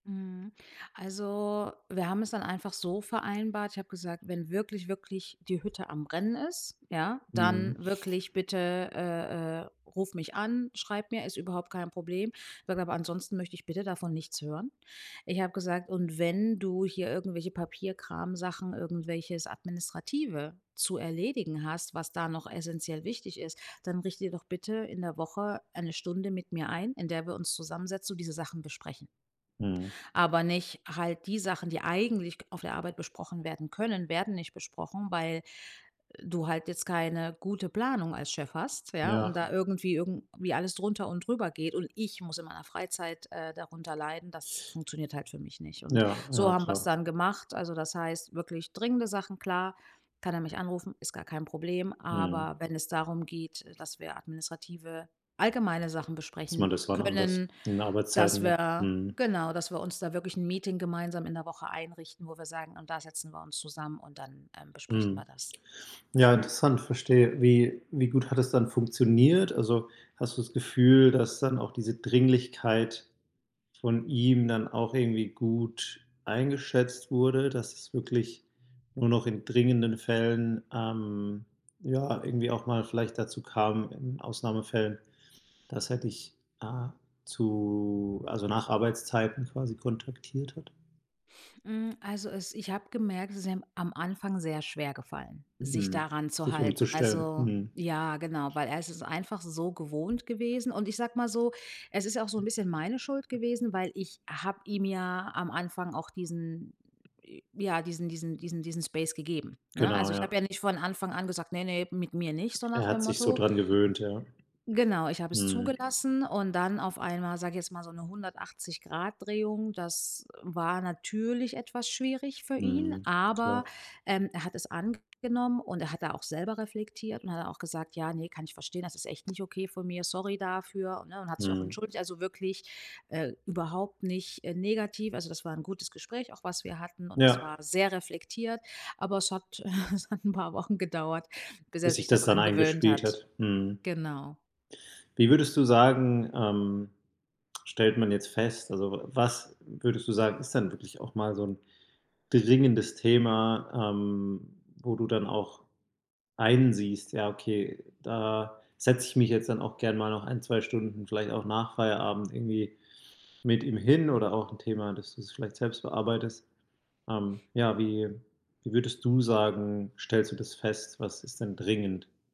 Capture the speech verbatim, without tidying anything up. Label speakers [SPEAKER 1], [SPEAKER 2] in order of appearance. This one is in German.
[SPEAKER 1] Mhm. Also, wir haben es dann einfach so vereinbart: Ich habe gesagt, wenn wirklich, wirklich die Hütte am rennen ist, ja, dann
[SPEAKER 2] Mhm.
[SPEAKER 1] wirklich bitte, äh, äh, ruf mich an, schreib mir, ist überhaupt kein Problem. [unintelligible] Aber ansonsten möchte ich bitte davon nichts hören. Ich habe gesagt: „Und wenn du hier irgendwelche Papierkramsachen, irgendwelches Administrative zu erledigen hast, was da noch essenziell wichtig ist, dann richte dir doch bitte in der Woche eine Stunde mit mir ein, in der wir uns zusammensetzen und diese Sachen besprechen.“
[SPEAKER 2] Mhm.
[SPEAKER 1] Aber nicht halt die Sachen, die eigentlich k auf der Arbeit besprochen werden können, werden nicht besprochen, weil, äh, du halt jetzt keine gute Planung als Chef hast, ja, und
[SPEAKER 2] Ja.
[SPEAKER 1] da irgendwie irgendwie alles drunter und drüber geht. Und ich muss in meiner Freizeit, äh, darunter leiden, das funktioniert halt für mich nicht. Und
[SPEAKER 2] Ja,
[SPEAKER 1] so
[SPEAKER 2] ja,
[SPEAKER 1] haben wir's
[SPEAKER 2] klar.
[SPEAKER 1] dann gemacht. Also das heißt: Wirklich dringende Sachen, klar, kann er mich anrufen, ist gar kein Problem.
[SPEAKER 2] Mhm.
[SPEAKER 1] Aber wenn es darum geht, äh, dass wir administrative, allgemeine Sachen
[SPEAKER 2] Dass
[SPEAKER 1] besprechen
[SPEAKER 2] man das wann anders
[SPEAKER 1] können,
[SPEAKER 2] in den Arbeitszeiten
[SPEAKER 1] dass
[SPEAKER 2] macht.
[SPEAKER 1] wir
[SPEAKER 2] Mhm.
[SPEAKER 1] genau, dass wir uns da wirklich 'n Meeting gemeinsam in der Woche einrichten, wo wir sagen: „Und da setzen wir uns zusammen und dann, ähm, besprechen
[SPEAKER 2] Mhm.
[SPEAKER 1] wir das.“
[SPEAKER 2] Ja, interessant, verstehe, wie wie gut hat es dann funktioniert? Also hast du das Gefühl, dass dann auch diese Dringlichkeit von ihm dann auch irgendwie gut eingeschätzt wurde, dass es wirklich nur noch in dringenden Fällen ähm, ja, irgendwie auch mal vielleicht dazu kam in Ausnahmefällen? Dass er dich A zu also nach Arbeitszeiten quasi kontaktiert hat.
[SPEAKER 1] Hm, also es ich habe gemerkt, es ist ihm am Anfang sehr schwer gefallen, sich
[SPEAKER 2] Mhm.
[SPEAKER 1] daran zu
[SPEAKER 2] Sich
[SPEAKER 1] halten.
[SPEAKER 2] umzustellen.
[SPEAKER 1] Also
[SPEAKER 2] Mhm.
[SPEAKER 1] ja, genau, weil er ist es einfach so gewohnt gewesen. Und ich sage mal so, es ist ja auch so 'n bisschen meine Schuld gewesen, weil ich habe ihm ja am Anfang auch diesen ja, diesen diesen diesen diesen Space gegeben, ne?
[SPEAKER 2] Genau,
[SPEAKER 1] Also, ich habe
[SPEAKER 2] ja.
[SPEAKER 1] ja nicht von Anfang an gesagt: „Ne, ne, mit mir nicht“, so nach
[SPEAKER 2] Er hat
[SPEAKER 1] dem
[SPEAKER 2] sich so
[SPEAKER 1] Motto.
[SPEAKER 2] dran gewöhnt, ja.
[SPEAKER 1] Genau, ich habe es
[SPEAKER 2] Mhm.
[SPEAKER 1] zugelassen und dann auf einmal, sage ich jetzt mal, so 'ne hundertachtzig Grad Drehung, das war natürlich etwas schwierig für ihn,
[SPEAKER 2] Mhm.
[SPEAKER 1] aber,
[SPEAKER 2] Klar.
[SPEAKER 1] ähm, er hat es angenommen und er hat da auch selber reflektiert. Und dann hat er auch gesagt: „Ja, ne, kann ich verstehen, das ist echt nicht okay von mir, sorry dafür, ne?“ Und hat sich auch
[SPEAKER 2] Mhm.
[SPEAKER 1] entschuldigt, also wirklich, äh, überhaupt nicht, äh, negativ. Also das war 'n gutes Gespräch auch, was wir hatten. Und das
[SPEAKER 2] Ja.
[SPEAKER 1] war sehr reflektiert. Aber es hat es hat 'n paar Wochen gedauert, bis er
[SPEAKER 2] Bis sich
[SPEAKER 1] sich da
[SPEAKER 2] das dann
[SPEAKER 1] dran gewöhnt
[SPEAKER 2] eingespielt
[SPEAKER 1] hat.
[SPEAKER 2] hat. Mhm.
[SPEAKER 1] Genau.
[SPEAKER 2] Wie würdest du sagen, ähm, stellt man jetzt fest also w was würdest du sagen, ist dann wirklich auch mal so 'n dringendes Thema, ähm, wo du dann auch einsiehst: „Ja okay, da setze ich mich jetzt dann auch gern mal noch ein, zwei Stunden vielleicht auch nach Feierabend irgendwie mit ihm hin.“ Oder auch 'n Thema, dass du es vielleicht selbst bearbeitest. Ähm, ja, wie wie würdest du sagen, stellst du das fest? Was ist denn dringend?